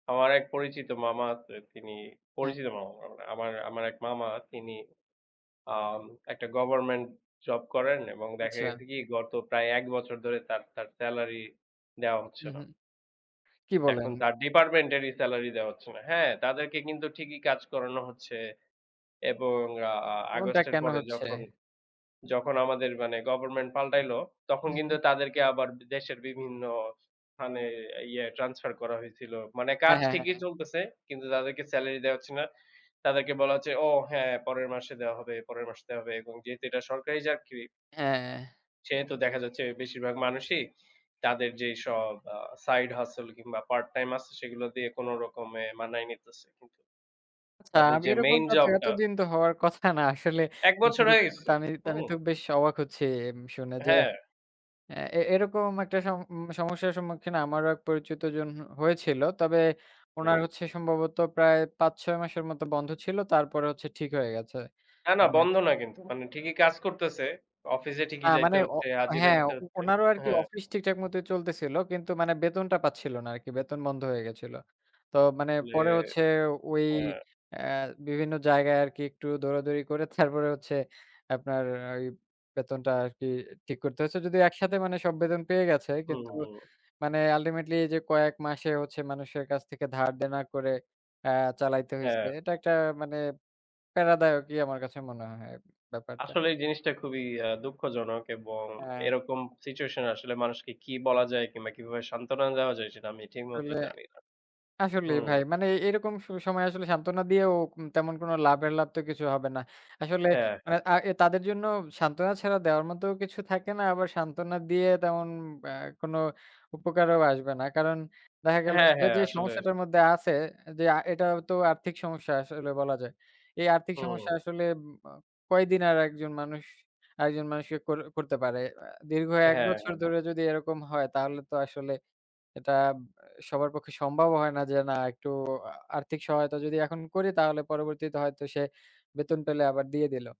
আমার এক পরিচিত মামা আছে তিনি, হ্যাঁ। পরিচিত মামা মানে আমার, আমার এক মামা তিনি, আম একটা গভর্মেন্ট জব করেন এবং দেখা আচ্ছা। গেছে কি? গত প্রায় ১ বছর ধরে তার, তার স্যালারি দেওয়া হচ্ছে হুম, না হুম। কি বলেন? এখন তার ডিপার্টমেন্টেরই স্যালারি দেওয়া হচ্ছে না। হ্যাঁ? তাদেরকে কিন্তু ঠিকই কাজ করানো হচ্ছে এবং আ আ এমনটা আগস্টের কেন পরে হচ্ছে? যখন যখন আমাদের মানে গভার্মেন্ট পাল্টাইল, তখন হুম, কিন্তু হুম। তাদেরকে আবার দেশের বিভিন্ন স্থানে, ইয়ে ট্রান্সফার করা হয়েছিল। মানে হ্যাঁ, কাজ হ্যাঁ, ঠিকই হ্যাঁ। চলতেছে, কিন্তু তাদেরকে স্যালারি দেওয়া হচ্ছে না। তাদেরকে বলা হচ্ছে, "ও! হ্যাঁ, পরের মাসে দেওয়া হবে, পরের মাসে দেওয়া হবে।" এবং যেহেতু এটা সরকারি চাকরি হ্যাঁ। সেহেতু দেখা যাচ্ছে বেশিরভাগ মানুষই, তাদের যেইসব আ সাইড হাসেল কিংবা পার্ট-টাইম আছে, সেগুলো দিয়ে কোনরকমে মানাই নিতেছে। কিন্তু আচ্ছা, তাদের আগে যে, মেইন এরকমটা তো জবটা এতদিন তো হওয়ার কথা না। আসলে ১ বছর হয়ে [unintelligible] গেছে। তো, আমি হুম। তো বেশ অবাক হচ্ছি শুনে যে, হ্যাঁ। অ্যা এ এরকম একটা সম সমস্যার সম্মুখীন আমারও এক পরিচিত জন হয়েছিল। তবে উনার হুম। হচ্ছে সম্ভবত, প্রায় ৫-৬ মাসের মতো বন্ধ ছিল, তারপরে হচ্ছে ঠিক হয়ে গেছে। না, না হুম। বন্ধ না কিন্তু, মানে ঠিকই কাজ করতেছে। অফিসে আ ঠিকই যাইতে মানে, অ হচ্ছে, হাজিরা হ্যাঁ, দিতে উ হচ্ছে। উনারও আর কি হ্যাঁ। অফিস ঠিকঠাক মতো চলতেছিল কিন্তু, মানে বেতনটা পাচ্ছিল না আর কি। বেতন বন্ধ হয়ে গেছিল। তো মানে আসলে, পরে হচ্ছে ওই, হ্যাঁ। অ্যা বিভিন্ন জায়গায় আর কি একটু দৌড়াদৌড়ি করে, তারপরে হচ্ছে আপনার ওই বেতনটা আরকি ঠিক করতে হয়েছে। যদিও একসাথে মানে সব বেতন পেয়ে গেছে, হুম, কিন্তু হুম। মানে আলটিমেটলি, যে কয়েক মাসে হচ্ছে মানুষের কাছ থেকে ধার-দেনা করে আ চালাইতে হইছে, হ্যাঁ। এইটা একটা মানে পেরাদায়কই আমার কাছে মনে হয় ব্যাপারটা। আসলে এই জিনিসটা খুবই আ দুঃখজনক এবং হ্যাঁ। এরকম সিচুয়েশনে আসলে মানুষকে কি বলা যায়, কিংবা কিভাবে সান্ত্বনা দেওয়া যায়? সেটা আমি ঠিকমতো আসলে জানি না। আসলেই হুম। ভাই, মানে এরকম স সময়ে আসলে সান্ত্বনা দিয়েও কোন তেমন কোনো লাভের লাভ, তো কিছু হবে না। আসলে হ্যাঁ, হ্যাঁ। এ আ তাদের জন্য সান্ত্বনা ছাড়া, দেওয়ার মতো কিছু থাকে না। আবার সান্ত্বনা দিয়ে তেমন অ্যা কোনো উপকারও আসবে না। কারণ দেখা গেল হ্যাঁ, সে হ্যাঁ। যে আসলে সমস্যাটার মধ্যে আছে যে, আ এটা তো আর্থিক সমস্যা আসলে বলা যায়। এই আর্থিক হুম। সমস্যা আসলে উম আ কয়দিন আর একজন মানুষ, আরেকজন মানুষকে করে-করতে পারে? অ্যা দীর্ঘ ১ হ্যাঁ, বছর হ্যাঁ। ধরে যদি এরকম হয়, তাহলে তো আসলে এটা আব সবার পক্ষে সম্ভব হয় না যে, "না, একটু আর্থিক সহায়তা যদি এখন করি? তাহলে পরবর্তীতে হয়তো সে বেতন পেলে আবার দিয়ে দিল।"